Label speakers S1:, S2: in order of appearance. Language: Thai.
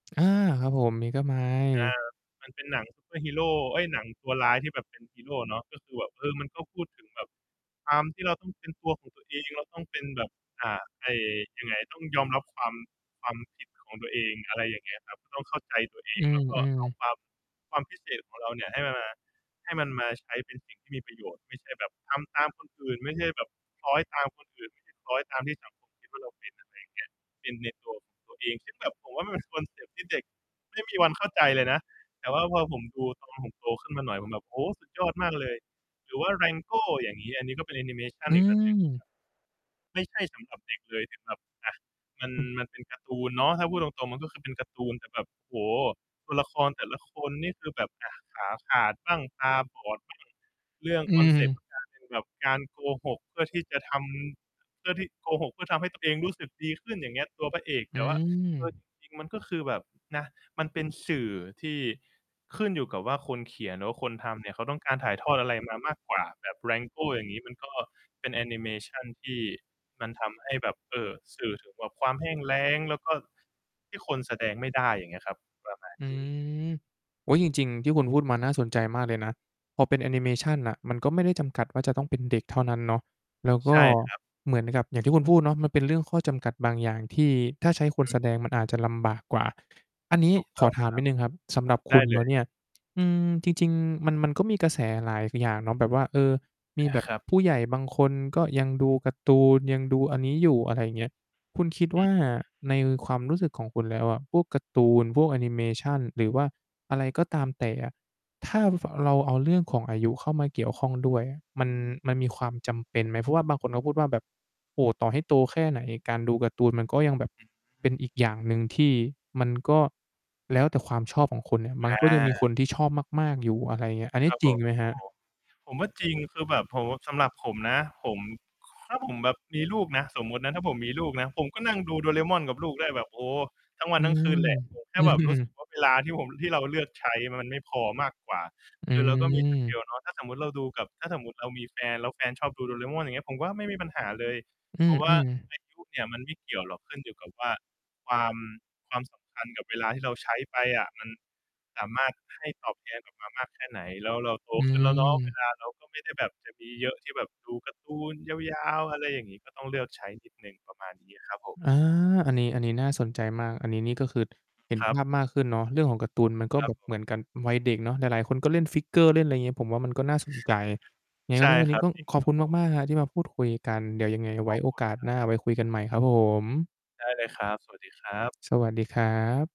S1: อา ครับผม
S2: อา
S1: Megamind
S2: มันเป็นหนัง ซูเปอร์ฮีโร เอ๊ย หนังตัวร้ายที่แบบ เป็น ฮีโรเนาะ ก็คือแบบ เออ มันก็พูดถึงแบบ ความที่เราต้องเป็นตัวของตัวเอง เราต้องเป็นแบบ อา ไอ้ ยังไง ต้องยอมรับความ ความ ผิดของ ตัวเอง อะไรอย่างเงี้ยครับ ต้องเข้าใจตัวเอ
S1: อื
S2: ง แล้วก็
S1: ม
S2: เอา
S1: ๆ
S2: ความ ความพิเศษของเราเนี่ย ให้มันมา ให้มันมาใช้เป็นสิ่งที่มีประโยชน์ ไม่ใช่แบบทำตามคนอื่น ไม่ใช่แบบคล้อยตามคนอื่น ไม่ใช่ คล้อยตามที่ สังคมคิดว่าเราเป็น อะไรอย่างเงี้ย เป็นใน ตัวของตัวเอง ซึ่งแบบ ผมว่ามันเป็นคอนเซปต์ที่เด็กไม่มีวันเข้าใจเลยนะ แต่ว่าพอผมดูตอนผมโตขึ้นมาหน่อยผมแบบ โอ้โฮ สุดยอดมากเลย หรือว่าแรงโก้อย่างงี้ อันนี้ก็เป็นแอนิเมชั
S1: อ
S2: นอีก อันหนึ่งครั
S1: ืม
S2: บ ไม่ใช่สำหรับเด็กเลยถึงแบบ อะ มัน
S1: อ
S2: มันเป็นการ์ตูนเนาะ ถ้าพูดตรง ๆ มัน ก็คือเป็นการ์ตูน แต่แบบ โอ้โฮ ตัวละครแต่ละคนนี่คือแบบ อะ ขาขาดบ้าง ตาบอด บ้าง เรื่อง
S1: อื
S2: คอนเซปต์
S1: ม
S2: [unintelligible] แบบการโกหกเพื่อที่จะทำ เพื่อที่ โกหกเพื่อทำให้ตัวเองรู้สึกดีขึ้น อย่างเงี้ย ตัวพระเอก
S1: อ
S2: แ
S1: ื
S2: ต่ว่า เออ
S1: ม
S2: จริง ๆ มันก็คือแบบ นะ มันเป็นสื่อที่ขึ้นอยู่กับว่าคนเขียน หรือว่าคนทำเนี่ยเขาต้องการถ่ายทอดอะไรมามากกว่า แบบแรงโก้อย่างงี้ มันก็เป็นแอนิเมชันที่มันทำให้แบบ เออ สื่อถึงแบบความแห้งแล้ง แล้วก็ที่คนแสดงไม่ได้ อย่างเงี้ยครับ ประมาณ
S1: อื
S2: นี้
S1: ม โอ๊ย จริง ๆ ที่คุณพูดมา น่าสนใจมากเลยนะ พอเป็นแอนิเ
S2: อ
S1: ม
S2: ืม
S1: ชันน่ะ มันก็ไม่ได้จำกัดว่าจะต้องเป็นเด็กเท่านั้นเนาะ แล้วก
S2: ใช
S1: ็
S2: ่ ครับ
S1: เหมือนกับ อย่างที่คุณพูดเนาะ มันเป็นเรื่องข้อจำกัดบางอย่างที่ ถ้าใช้คน
S2: อือ
S1: แสดงมันอาจจะลำบากกว่า อันนี้
S2: ถูก
S1: ข
S2: ต้
S1: อ
S2: อง
S1: ถ
S2: ค
S1: า
S2: ร
S1: มนิดหนึ่งครับ สำ
S2: ั
S1: หร
S2: บ
S1: ับ
S2: ไ
S1: ค
S2: ด
S1: ุ
S2: ้
S1: ณ
S2: เ
S1: แ
S2: ล
S1: ล้ว
S2: ย
S1: เนี่ย อืม จริง ๆ มัน มันก็มีกระแสหลายอย่างเนาะแบบว่า เออ ม
S2: อ
S1: ีแ
S2: า
S1: บบ
S2: ครับ
S1: ผู้ใหญ่บางคน ก็ยังดูการ์ตูน ยังดูอันนี้อยู่ อะไรอย่างเงี้ย คุณคิด
S2: อ
S1: ว
S2: ื
S1: ่า
S2: อ
S1: ในความรู้สึกของคุณแล้วอะ พวกการ์ตูน พวกแอนิเมชัน หรือว่าอะไรก็ตามแต่อะ ถ้าฟ เราเอาเรื่องของอายุเข้ามาเกี่ยวข้องด้วยอะ มัน มันมีความจำเป็นไหม? เพราะว่าบางคนก็พูดว่าแบบ โอ้โฮ ต่อให้โตแค่ไหนการดูการ์ตูนมันก็ยังแบบ
S2: อื
S1: เป็
S2: ม
S1: นอีกอย่างหนึ่งที่ มันก็แล้วแต่ความชอบของคนเนี่ย มัน
S2: อ
S1: ก็ยังมีค
S2: า
S1: นที่ชอบมาก ๆ อยู่ อะไรอย่างเงี้ย อันน
S2: ค
S1: ี
S2: ร
S1: ้
S2: ับ
S1: จ
S2: ผ
S1: ริง
S2: ม
S1: ไหมครับ?
S2: โอ้โฮ ผมว่าจริง คือแบบผมว่า สำหรับผมนะ ผม ถ้าผมแบบมีลูกนะ สมมุตินะ ถ้าผมมีลูกนะ ผมก็นั่งดูโดราเอมอนกับลูกได้แบบ โอ้ ทั้งวั
S1: อื
S2: นทั้งคื
S1: ม
S2: นแหละ ผมแค
S1: อ
S2: ่
S1: ื
S2: แบบรู้สึก
S1: อ
S2: ว่า เวลาที่ผม ที่เราเลือกใช้ แล้วมันไม่พอมากกว่า
S1: อ
S2: คือเราก็มี สเกล
S1: ืม
S2: เนาะ ถ้าสมมุติเราดูกับ ถ้าสมมุติเรามีแฟนแล้วแฟนชอบดูโดราเอมอน อย่างเงี้ย ผมว่าไม่มีปัญหาเลย
S1: อ
S2: เพราะว่
S1: ื
S2: า
S1: ม ๆ
S2: อายุเนี่ยมันไม่เกี่ยวหรอก ขึ้นอยู่กับว่า ความ ความสำคัญกับเวลาที่เราใช้ไปอะ มันสามารถให้ตอบแทนกลับมามากแค่ไหน แล้วเราโต
S1: อื
S2: ขึ้นแล้วเนาะ เว
S1: ม
S2: ลาเราก็ไม่ได้แบบจะมีเยอะที่แบบดูการ์ตูนยาว ๆ อะไรอย่างนี้ ก็ต้องเลือกใช้นิดหนึ่ง ประมาณนี้ครับผม
S1: อา อันนี้ อันนี้น่าสนใจมาก อันนี้นี่ ก็คือเห็น
S2: ครั
S1: ภา
S2: บ
S1: พมากขึ้นเนาะ เรื่องของการ์ตูนมันก็
S2: คร
S1: แ
S2: ั
S1: บ
S2: บ
S1: บ
S2: ผม
S1: เหมือนกันวัยเด็กเนาะ หลาย ๆ คนก็เล่น figure เล่นอะไรอย่างงี้ ผมว่ามันก็น่าสนใจ ยังไง
S2: ใช
S1: ก็
S2: ่
S1: ก็วัน
S2: ค
S1: น
S2: ร
S1: ี้
S2: ั
S1: ก
S2: บ
S1: ็ต้อง
S2: จริง
S1: ขอ
S2: ค
S1: บ
S2: รั
S1: ค
S2: บ
S1: ุณ
S2: ผ
S1: ม
S2: ม
S1: าก ๆ ครับที่มาพูดคุยกัน เดี๋ยวยังไงไ
S2: ข
S1: ว้
S2: อบ
S1: โอ
S2: คุ
S1: ก
S2: ณ
S1: าส
S2: คร
S1: ห
S2: ั
S1: น
S2: บ
S1: ้าไว้คุยกันใหม่ครับผม
S2: ได้เลยครับ สวัสดีครับ
S1: สวัสดีครับ